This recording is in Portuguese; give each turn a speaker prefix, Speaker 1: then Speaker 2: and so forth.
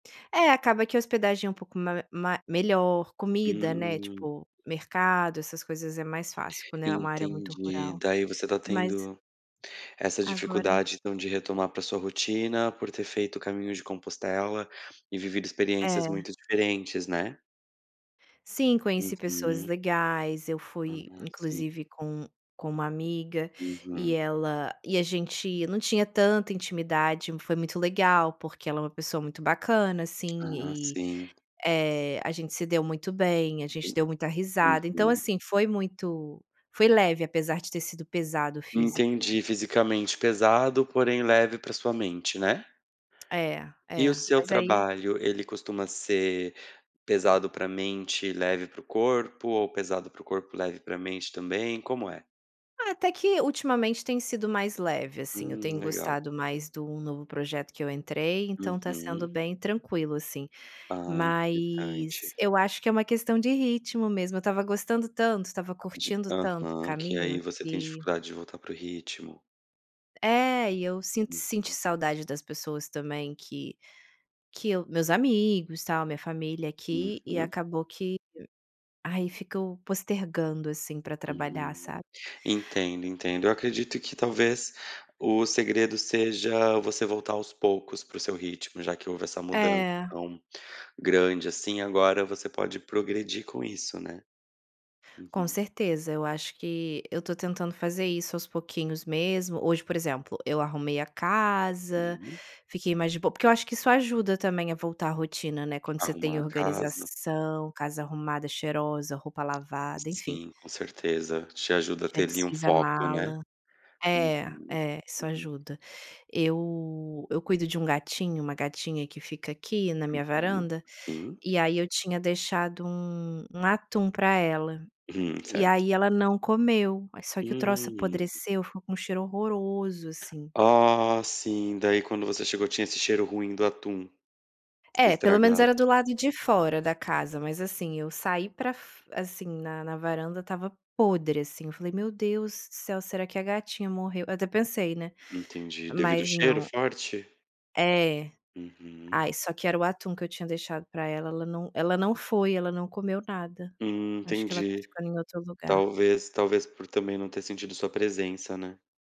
Speaker 1: É, acaba que a hospedagem é um pouco ma ma melhor, comida, né,
Speaker 2: Hum.
Speaker 1: tipo, mercado essas coisas é mais fácil quando é uma área muito
Speaker 2: Entendi.
Speaker 1: rural,
Speaker 2: Daí ,você tá
Speaker 1: mas
Speaker 2: tendo essa
Speaker 1: Agora
Speaker 2: dificuldade, então, de retomar para sua rotina, por ter feito caminhos de Compostela e vivido experiências
Speaker 1: É.
Speaker 2: muito diferentes, né?
Speaker 1: Sim, conheci pessoas
Speaker 2: Uhum.
Speaker 1: legais. Eu fui,
Speaker 2: Ah, sim.
Speaker 1: inclusive, com com uma amiga, e
Speaker 2: Uhum.
Speaker 1: ela e a gente não tinha tanta intimidade, foi muito legal porque ela é uma pessoa muito bacana, assim,
Speaker 2: Ah,
Speaker 1: e
Speaker 2: sim.
Speaker 1: Eh, a gente se deu muito bem, a
Speaker 2: E
Speaker 1: gente deu muita risada. Então,
Speaker 2: Uhum.
Speaker 1: assim, foi muito foi leve apesar de ter sido pesado o físico, né?
Speaker 2: Entendi, fisicamente pesado, porém, leve para sua mente, né?
Speaker 1: É,
Speaker 2: E o
Speaker 1: é,
Speaker 2: seu
Speaker 1: mas aí
Speaker 2: trabalho? Ele costuma ser pesado para mente, leve para o corpo, ou pesado para o corpo, leve para mente também, como é?
Speaker 1: Ah, até que, ultimamente, tem sido mais leve, assim. Eu
Speaker 2: Hum,
Speaker 1: tenho
Speaker 2: legal.
Speaker 1: gostado mais de um novo projeto que eu entrei então tá sendo
Speaker 2: Uhum.
Speaker 1: bem tranquilo, assim.
Speaker 2: Ah, interessante.
Speaker 1: Mas eu acho que é uma questão de ritmo mesmo eu estava gostando tanto estava
Speaker 2: Di
Speaker 1: curtindo tanto o
Speaker 2: aham. Que aí
Speaker 1: caminho
Speaker 2: você tem
Speaker 1: que
Speaker 2: dificuldade de voltar para o ritmo.
Speaker 1: É. E eu sint senti
Speaker 2: Uhum.
Speaker 1: saudade das pessoas, também, que que eu meus amigos, tal, minha família aqui e
Speaker 2: Uhum.
Speaker 1: acabou que ai, fico postergando, assim, para trabalhar,
Speaker 2: Hum.
Speaker 1: sabe.
Speaker 2: Entendo, entendo. Eu acredito que, talvez, o segredo seja você voltar aos poucos para o seu ritmo já que houve essa mudança
Speaker 1: É.
Speaker 2: tão grande assim agora você pode progredir com isso, né?
Speaker 1: Com
Speaker 2: Uhum.
Speaker 1: certeza. Eu acho que eu tô tentando fazer isso aos pouquinhos mesmo. Hoje, por exemplo, eu arrumei a casa,
Speaker 2: Sim.
Speaker 1: fiquei mais de bo porque eu acho que isso ajuda também a voltar à rotina, né, quando você tem
Speaker 2: Arrumar a casa.
Speaker 1: organização, casa arrumada cheirosa, roupa lavada, enfim.
Speaker 2: Sim, com certeza, te ajuda a
Speaker 1: Já
Speaker 2: ter ali um
Speaker 1: desfiz a
Speaker 2: foco, né.
Speaker 1: mala.
Speaker 2: Uhum.
Speaker 1: É, é isso
Speaker 2: Uhum.
Speaker 1: ajuda. Eu eu cuido de um gatinho, uma gatinha que fica aqui na minha
Speaker 2: Uhum,
Speaker 1: varanda,
Speaker 2: sim.
Speaker 1: e, aí, eu tinha deixado um um atum para ela.
Speaker 2: Hum,
Speaker 1: E,
Speaker 2: certo.
Speaker 1: aí, ela não comeu, só que o troço
Speaker 2: Hum.
Speaker 1: apodreceu, ficou com um cheiro horroroso, assim.
Speaker 2: Ah, sim, daí, quando você chegou tinha esse cheiro ruim do atum.
Speaker 1: É, pelo menos
Speaker 2: Estragado.
Speaker 1: era do lado de fora da casa. Mas, assim, eu saí para fo assim, na na varanda estava podre, assim, eu falei: "Meu Deus do céu, será que a gatinha morreu?" Até pensei, né,
Speaker 2: Entendi. Devido o
Speaker 1: mas
Speaker 2: cheiro
Speaker 1: não.
Speaker 2: forte?
Speaker 1: É.
Speaker 2: Uhum.
Speaker 1: Ai só que era o atum que eu tinha deixado para ela ela não ela não foi, não comeu nada.
Speaker 2: Hum,
Speaker 1: Acho que ela tá
Speaker 2: entendi.
Speaker 1: ficando em outro lugar.
Speaker 2: Talvez, talvez, por também, não ter sentido sua presença, né?